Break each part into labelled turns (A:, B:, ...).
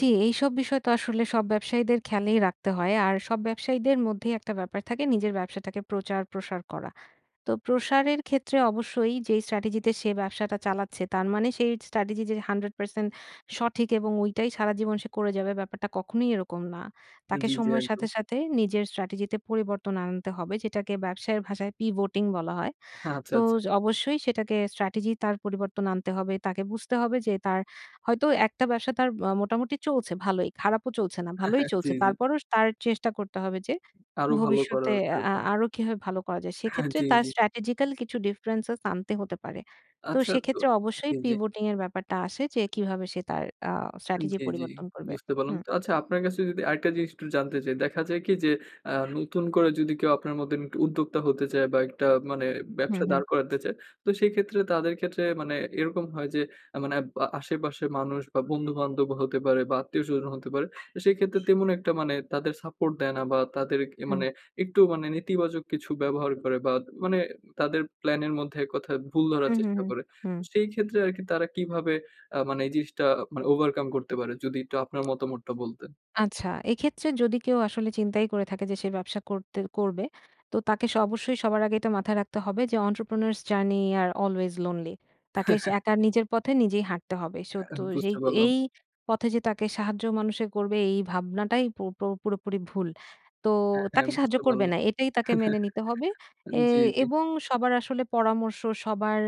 A: জ্বি, এইসব বিষয় তো আসলে সব ব্যবসায়ীদের খেয়ালেই রাখতে হয়। আর সব ব্যবসায়ীদের মধ্যেই একটা ব্যাপার থাকে নিজের ব্যবসাটাকে প্রচার প্রসার করা। তো প্রসারের ক্ষেত্রে অবশ্যই যে স্ট্র্যাটেজিতে সে ব্যবসাটা চালাচ্ছে, তার মানে, সেই স্ট্র্যাটেজি যে 100% সঠিক এবং ঐটাই সারাজীবন সে করে যাবে ব্যাপারটা কখনোই এরকম না। তাকে
B: জি, জি।
A: সময়ের
B: একদম।
A: সাথে, সাথে নিজের স্ট্র্যাটেজিতে পরিবর্তন আনতে হবে, যেটাকে ব্যবসায়ের ভাষায় pivoting বলা হয়।
B: আচ্ছা,
A: তো,
B: আচ্ছা।
A: য অবশ্যই সেটাকে স্ট্র্যাটেজি তার পরিবর্তন আনতে হবে। তাকে বুঝতে হবে যে তার হয়তো একটা ব্যবসা তার আ মোটামুটি চলছে ভালই, খারাপও চলছে না, ভালোই
B: জি,
A: চলছে।
B: জি।
A: তারপরও স তার চেষ্টা করতে হবে যে,
B: আরো ভালো
A: ভবিষ্যতে
B: করার,
A: আ
B: এরকম।
A: আরো কিভাবে ভালো করা যায়?
B: হ্যাঁ।
A: সেক্ষেত্রে
B: জি,
A: তার
B: জি।
A: স্ট্র্যাটেজিক্যাল কিছু differences আনতে হতে পারে। তো
B: আচ্ছা, তো
A: সেক্ষেত্রে অবশ্যই
B: জি, জি।
A: pivoting এর ব্যাপারটা আসে যে কিভাবে সে তার আ স্ট্র্যাটেজি
B: জি, জি।
A: পরিবর্তন করবে।
B: বুঝতে পারলাম।
A: হুম।
B: তো আচ্ছা, আপনার কাছে যদি আরেকটা জিনিস একটু জানতে চাই। দেখা যায় কি যে, আ নতুন করে যদি কেউ আপনার মতো এমন একটু উদ্যোক্তা হতে চায় বা, একটা মানে
A: হুম,
B: ব্যবসা
A: হুম।
B: দাঁড় করাতে চায়, তো সেক্ষেত্রে তাদের ক্ষেত্রে মানে এরকম হয় যে, এ মানে বা আশেপাশের মানুষ বা, বন্ধু-বান্ধবও হতে পারে বা, আত্মীয় স্বজনও হতে পারে। এ সেক্ষেত্রে তেমন একটা মানে তাদের সাপোর্ট দেয় না বা, তাদের এ
A: হুম।
B: মানে একটু মানে নেতিবাচক কিছু ব্যবহার করে বা, তা মানে তাদের প্ল্যানের মধ্যে এককথায় ভুল ধরার
A: হু, হু,
B: চেষ্টা
A: হু,
B: করে। তো
A: হুম।
B: সেইক্ষেত্রে আরকি তারা কিভাবে আ মানে এই জিনিসটা মানে overcome করতে পারে? যদি একটু আপনার মতামতটা বলতেন।
A: আচ্ছা, এক্ষেত্রে যদি কেউ আসলে চিন্তাই করে থাকে যে সে ব্যবসা করতে করবে, তো তাকে স অবশ্যই সবার আগে এটা মাথায় রাখতে হবে যে, Entrepreneurs journey are always lonely। তাকে সা একা নিজের পথে নিজেই হাঁটতে হবে। So
B: অ্যা
A: তো এ
B: বুঝতে পারলাম।
A: এই পথে যে তাকে সাহায্য মানুষে করবে, এই ভাবনাটাই পু পুরোপুরি ভুল। তো
B: হ্যাঁ, হ্যাঁ।
A: তাকে সাহায্য
B: বুঝতে
A: করবে
B: পারলাম।
A: না, এটাই তাকে মেনে নিতে হবে।
B: এন জি,
A: এয়
B: জি।
A: এবং সবার আসলে পরামর্শ, সবার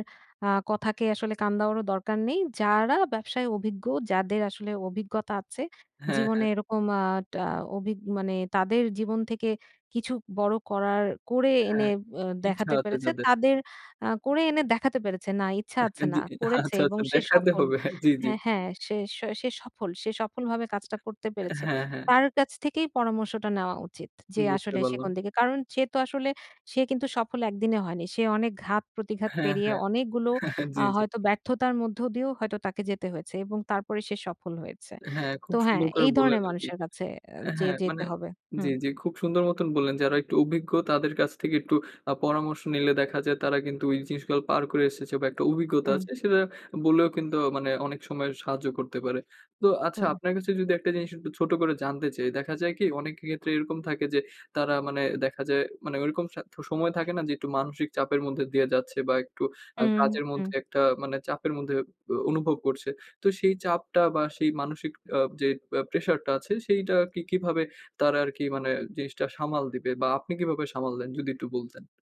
A: আ কথাকে আসলে কান দেওয়ারও দরকার নেই। যারা ব্যবসায় অভিজ্ঞ, যাদের আসলে অভিজ্ঞতা আছে
B: হ্যাঁ,
A: জীবনে
B: হ্যাঁ।
A: এরকম আ টা অভি মানে তাদের জীবন থেকে কিছু বড় করার করে
B: হ্যাঁ,
A: এনে
B: ই
A: বা
B: ইচ্ছা
A: দেখাতে
B: আছে
A: পেরেছে,
B: যাদের।
A: তাদের আ করে এনে দেখাতে পেরেছে না ইচ্ছে আছে।
B: হ্যাঁ।
A: না
B: জি।
A: করেছে
B: আচ্ছা,
A: এবং
B: আচ্ছা।
A: সে
B: দেখাতে
A: সফল
B: হবে। হ্যাঁ। জি, জি।
A: হ্যাঁ, হ্যাঁ। সে সে সফল সে সফলভাবে কাজটা করতে পেরেছে,
B: হ্যাঁ, হ্যাঁ।
A: তার কাছ থেকেই পরামর্শটা নেওয়া উচিত। যে
B: বুঝতে
A: আসলে সে
B: পারলাম।
A: কোন দিকে কারণ, সে তো আসলে সে কিন্তু একদিনে সফল হয়নি। সে অনেক ঘাত প্রতিঘাত
B: হ্যাঁ,
A: পেরিয়ে,
B: হ্যাঁ।
A: অনেকগুলো আ
B: জি, জি।
A: হয়তো ব্যর্থতার মধ্য দিয়েও হয়তো তাকে যেতে হয়েছে। এবং তারপরে সে সফল হয়েছে।
B: হ্যাঁ, খুব
A: তো হ্যাঁ,
B: সুন্দর করে
A: এই
B: বললেন
A: ধরনের
B: আরকি
A: মানুষের কাছে এ যেয়ে
B: হ্যাঁ,
A: যেতে
B: মানে
A: হবে।
B: জি,
A: হুম।
B: জি। খুব সুন্দর মতন বললেন। যারা একটু অভিজ্ঞ, তাদের কাছ থেকে একটু আ পরামর্শ নিলে দেখা যায় তারা কিন্তু ওই জিনিসগুলো পার করে এসেছে বা, একটা অভিজ্ঞতা
A: হুম।
B: আছে। সেটা আ বললেও কিন্তু মানে অনেক সময় সাহায্য করতে পারে। তো আচ্ছা,
A: হুম।
B: আপনার কাছে যদি একটা জিনিস একটু ছোট করে জানতে চাই, দেখা যায় কি অনেকের ক্ষেত্রে এরকম থাকে যে তারা, মানে দেখা যায়, মানে ওইরকম স সময় থাকে না যে একটু মানসিক চাপের মধ্যে দিয়ে যাচ্ছে বা, একটু আ
A: হুম,
B: কাজের
A: হুম।
B: মধ্যে একটা মানে চাপের মধ্যে আ অনুভব করছে। তো সেই চাপটা বা, সেই মানসিক আ যে পে প্রেশারটা আছে, সেইটাকে কিভাবে তারা আরকি মানে জিনিসটা সামাল দিবে? বা, আপনি কিভাবে সামাল দেন? যদি একটু বলতেন।